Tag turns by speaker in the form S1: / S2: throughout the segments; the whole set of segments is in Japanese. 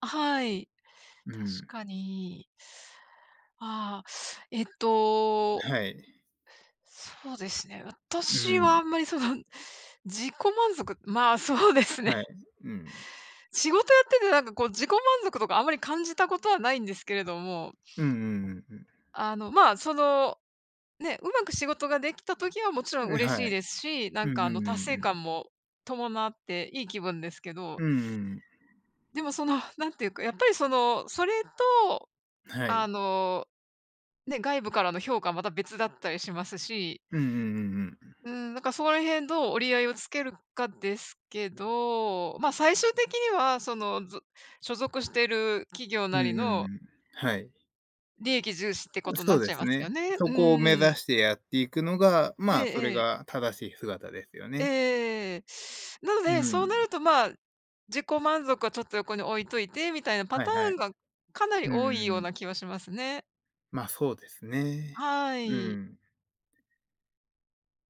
S1: あ、はい。
S2: う
S1: 確
S2: ん。
S1: かに。ああ、えっ
S2: う、
S1: と
S2: はい。
S1: そうですね、
S2: う
S1: 私は
S2: ん。
S1: あんまりその、自己満足まあそうですね。
S2: はい。うん。
S1: 仕事やってて、なんかこう自己満足とかあんまり感じたことはないんですけれども。
S2: うんうんうんうん。
S1: あの、まあその、ね、上手く仕事ができた時はもちろん
S2: う、
S1: 嬉し
S2: は
S1: い
S2: い。
S1: ですし、な
S2: う
S1: ん
S2: んうん
S1: かあの、達
S2: うん
S1: 成
S2: うん。
S1: 感も伴っていい気分ですけど
S2: うんうん。
S1: でもその、なんていうか、やっぱりそのそれと、
S2: は
S1: あ
S2: い。
S1: の、ね、外部からの評価また別だったりしますし。
S2: うんうんうんうん、うん。
S1: うん、なんかそこら辺どう折り合いをつけるかですけど、まあ最終的にはその、ず所属している企業
S2: う
S1: な
S2: ん
S1: り
S2: うん
S1: の
S2: うん。はい。
S1: 利益重視ってこ
S2: う、
S1: とにな
S2: そ
S1: っ
S2: う
S1: ち
S2: で
S1: ゃい
S2: す
S1: ますよ
S2: ね。
S1: ね。
S2: そ
S1: う
S2: こを目指
S1: ん。
S2: してやっていくのが、
S1: え
S2: まあ
S1: え
S2: それ
S1: ええ。
S2: が正しい姿ですよ
S1: えええ
S2: ね。
S1: えええええ。なの
S2: う
S1: で、そうな
S2: ん。
S1: るとまあ、自己満足はちょっと横に置いといてみたいなパ
S2: はい
S1: タ
S2: は
S1: ー
S2: い。
S1: ンが、かなり
S2: う
S1: 多い
S2: ん
S1: よう
S2: うん。
S1: な気はしますね。
S2: まあ、そうですね、
S1: は
S2: う
S1: い。
S2: ん。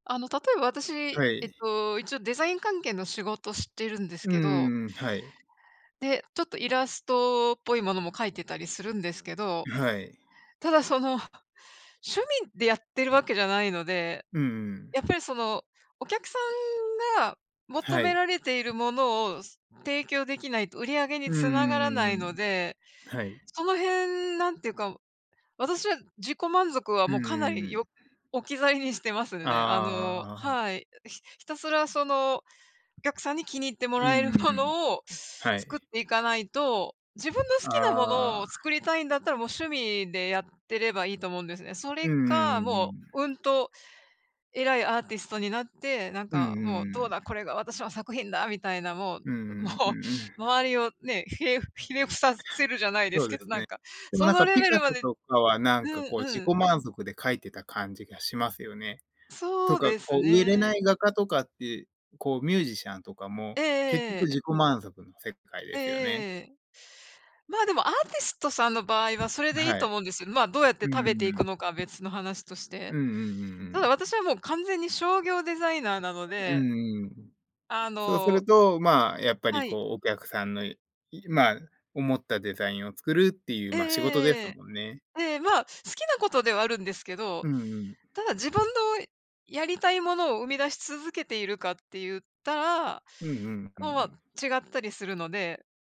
S1: あの例えば私、
S2: は
S1: えっ
S2: い。
S1: と、一応デザイン関係の仕事してるんで
S2: う
S1: すけど。
S2: ーん、はい。
S1: で、ちょっとイラストっぽいものも描いてたりするんですけど、
S2: う、はい。
S1: ただその趣味でやってるわけじゃないので、
S2: うんうん。
S1: やっぱりそのお客さんが求
S2: は
S1: め
S2: い。
S1: られているものをす提供できないと売り上げに
S2: う
S1: 繋
S2: んう
S1: が
S2: んう
S1: ら
S2: ん
S1: な
S2: う
S1: い
S2: んう
S1: の
S2: ん。
S1: で、
S2: はい。
S1: その辺なんていうか、私は自己満足は
S2: う
S1: もう
S2: んう
S1: かな
S2: んう
S1: り
S2: ん。
S1: よ置き去りにしてます
S2: ああ
S1: ね。あ
S2: あ
S1: の
S2: あああああ。
S1: はい、ひひたすらその、お客さんに気に入っても
S2: うん
S1: らえる
S2: うん、
S1: も
S2: うん。
S1: のを
S2: は
S1: 作っ
S2: い。
S1: ていかないと、自分の好きなも
S2: あ
S1: のを作
S2: あ。
S1: りたいんだったら、もう趣味でやってればいいと思うんですね。そ
S2: う
S1: れ
S2: んうん
S1: か、
S2: うんう
S1: もう、
S2: ん。
S1: うんと、偉いアーティストになって、なん
S2: うんう
S1: かもう
S2: ん
S1: ど
S2: う
S1: う
S2: ん。
S1: だ、これが私の作品だみたいな、もう
S2: うん
S1: も
S2: うん。うう
S1: う、
S2: ん。
S1: 周りをね、ひれひれ伏させるじゃないで
S2: そ
S1: す
S2: う
S1: け
S2: で
S1: ど、
S2: す
S1: なん
S2: ね。
S1: か、
S2: でも
S1: そ
S2: なん
S1: の
S2: か
S1: レ
S2: ピ
S1: ベ
S2: カ
S1: ルま
S2: ソ
S1: で
S2: とかはなん
S1: う
S2: か
S1: ん
S2: こう自
S1: う
S2: 己
S1: ん。
S2: 満足で描いてた感じがしますよね。
S1: そ
S2: と
S1: う
S2: か
S1: です
S2: こう売れな
S1: ね。
S2: い画家とかって、こうミュージシャンとか
S1: え
S2: も、
S1: えええ
S2: 結
S1: ええ
S2: 局
S1: ええ、え。
S2: 自己満足の世界
S1: え
S2: で
S1: えええ
S2: すよね。
S1: ええええ。まあ、でもアーティストさんの場合はそれ
S2: ん、
S1: でいい
S2: は
S1: と
S2: い。
S1: 思うんですよ。まあどうやって
S2: う
S1: 食べ
S2: ん
S1: てい
S2: う
S1: く
S2: ん。
S1: のかは別の話として。
S2: うんうんうんう
S1: ただ
S2: ん。
S1: 私はもう完全に商業デザイナーなの
S2: うん
S1: で
S2: うん、ん。
S1: あ
S2: そうす
S1: の
S2: ると、まあやっぱり
S1: はい。
S2: こうお客さんの、いまあ思ったデザインを作るっていう
S1: えええええ
S2: まあ仕事で
S1: ええええ
S2: す
S1: え。
S2: もんね。
S1: ええ、まあ好きなことではあるんですけど、
S2: うんうん。
S1: ただ自分のやりたいものを生み出し続けているかって言ったら、
S2: うんうん、うんう
S1: おお、ま
S2: ん。
S1: あ違ったりするので